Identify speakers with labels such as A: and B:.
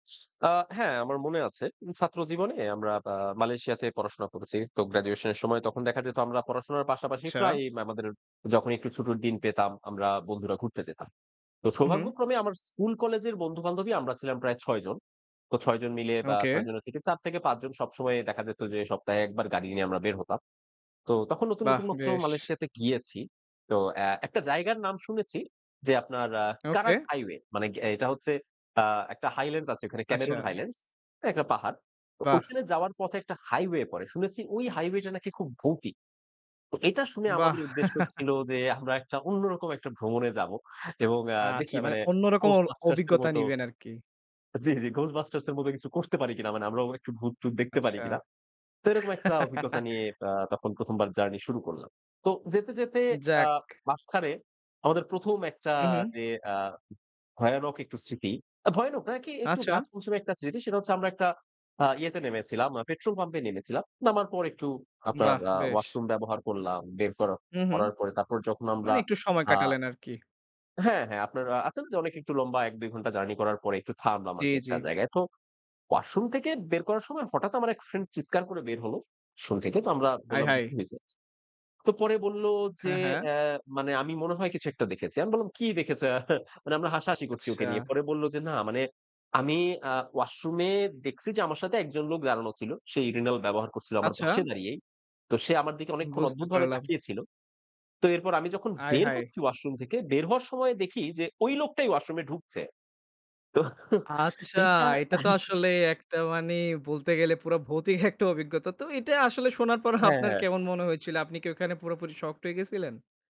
A: আ হ্যাঁ আমার মনে আছে। ছাত্র জীবনে আমরা আ মালয়েশিয়াতে পড়াশোনা করেছি। তো গ্র্যাজুয়েশন এর সময় তখন দেখা যেত আমরা পড়াশোনার পাশাপাশি
B: আচ্ছা।
A: প্রায়ই আমাদের যখন একটু ছুটির দিন পেতাম। আমরা বন্ধুরা ঘুরতে যেতাম। তো
B: উ হুম।
A: সৌভাগ্যক্রমে আমার স্কুল কলেজের বন্ধু-বান্ধবই আমরা ছিলাম প্রায় ৬ জন। তো ৬ জন মিলে বা
B: ওকে।
A: ৬ জনের থেকে ৪ থেকে ৫ জন সবসময়ই দেখা যেত যে সপ্তাহে একবার গাড়ি নিয়ে আমরা বের হতাম। তো তখন নতুন,
B: বাহ!
A: নতুন মাত্র
B: বেশ।
A: মালয়েশিয়াতে গিয়েছি। তো অ্যাঁ একটা জায়গার নাম শুনেছি, যে আপনার অ্যাঁ
B: ওকে।
A: কারাক হাইওয়ে মানে অ্যাঁ এটা হচ্ছে আ একটা হাইল্যান্ডস আছে ওখানে। ক্যামেরুন
B: আচ্ছা।
A: হাইল্যান্ডস একটা পাহাড়। তো
B: বাহ!
A: ঐখানে যাওয়ার পথে একটা হাইওয়ে পড়ে। শুনেছি ওই হাইওয়েটা নাকি খুব ভৌতিক। তো এটা শুনে
B: বাহ!
A: আমাদের উদ্দেশ্য ছিল যে আমরা একটা অন্যরকম একটা ভ্রমণে যাবো। এবং আ
B: আচ্ছা
A: দেখি
B: মানে
A: মানে
B: অন্য রকম অ
A: 'Ghostbusters' এর
B: অভিজ্ঞতা
A: মত।
B: নিবেন আরকি।
A: জ্বী, জী 'Ghostbusters' এর মত কিছু করতে পারি কিনা। মানে আমরাও একটু ভূত-টুত দেখতে পারি
B: আচ্ছা।
A: কিনা। তো এরকম একটা অভিজ্ঞতা নিয়ে আ তখন ১ম বার জার্নি শুরু করলাম। তো যেতে, যেতে আ
B: যাক।
A: মাঝখানে আমাদের ১ম একটা
B: উ হু।
A: যে আ ভয়ানক একটু স্মৃতি ভয়ানক না কি একটু গা
B: আচ্ছা।
A: ছমছমে একটা স্মৃতি। সেটা হচ্ছে আমরা একটা আ ইয়েতে নেমেছিলাম পেট্রোল পাম্পে নেমেছিলাম। নামার পর একটু আপনার
B: বাহ!
A: আ
B: বেশ।
A: ওয়াশরুম ব্যবহার করলাম বের করা
B: উ হু।
A: করার পরে তারপর যখন আমরা
B: মানে একটু সময়
A: আ
B: কাটালেন আরকি।
A: হ্যাঁ, হ্যাঁ আপনারা আছেন যে অনেক একটু লম্বা ১ ২ ঘন্টা জার্নি করার পরে একটু থামলাম
B: জী,
A: আরকি
B: জী।
A: একটা জায়গায়। তো ওয়াশরুম থেকে বের করার সময় হঠাৎ আমার এক ফ্রেন্ড চিৎকার করে বের হলো ওয়াশ্রুম থেকে তো আমরা বললাম যে,
B: আয়হায়!
A: "কি হয়েছে?" তো পরে বলল যে
B: হ্যাঁ, হ্যাঁ।
A: অ্যাঁ মানে "আমি মনে হয় কিছু একটা দেখেছি।" আমি বললাম, "কি দেখেছো?" এহা? মানে আমরা হাসাহাসি করছি ওকে নিয়ে।
B: আচ্ছা।
A: পরে বলল যে, "না মানে আমি আ ওয়াশরুমে দেখছি যে আমার সাথে একজন লোক দাঁড়ানো ছিল। সে urinal ব্যবহার করছিল আমার
B: আচ্ছা।
A: পাশে দাঁড়িয়েই। তো সে আমার দিকে অনেকক্ষণ
B: বুঝতে
A: অদ্ভুতভাবে
B: পারলাম।
A: তাকিয়ে ছিল। তো এরপর আমি যখন বের
B: আয়হায়!
A: হচ্ছি ওয়াশরুম থেকে বের হওয়ার সময় দেখি যে ওই লোকটাই ওয়াশরুমে ঢুকছে।" তো
B: আচ্ছা,
A: এটা।
B: এটা তো আসলে একটা মানি বলতে গেলে পুরা ভৌতিক একটা অভিজ্ঞতা। তো এইটা আসলে শোনার পর
A: হ্যাঁ,
B: আপনার
A: হ্যাঁ।
B: কেমন মনে হয়েছিল? আপনি কি ওখানে পুরোপুরি শকড হয়ে গেছিলেন?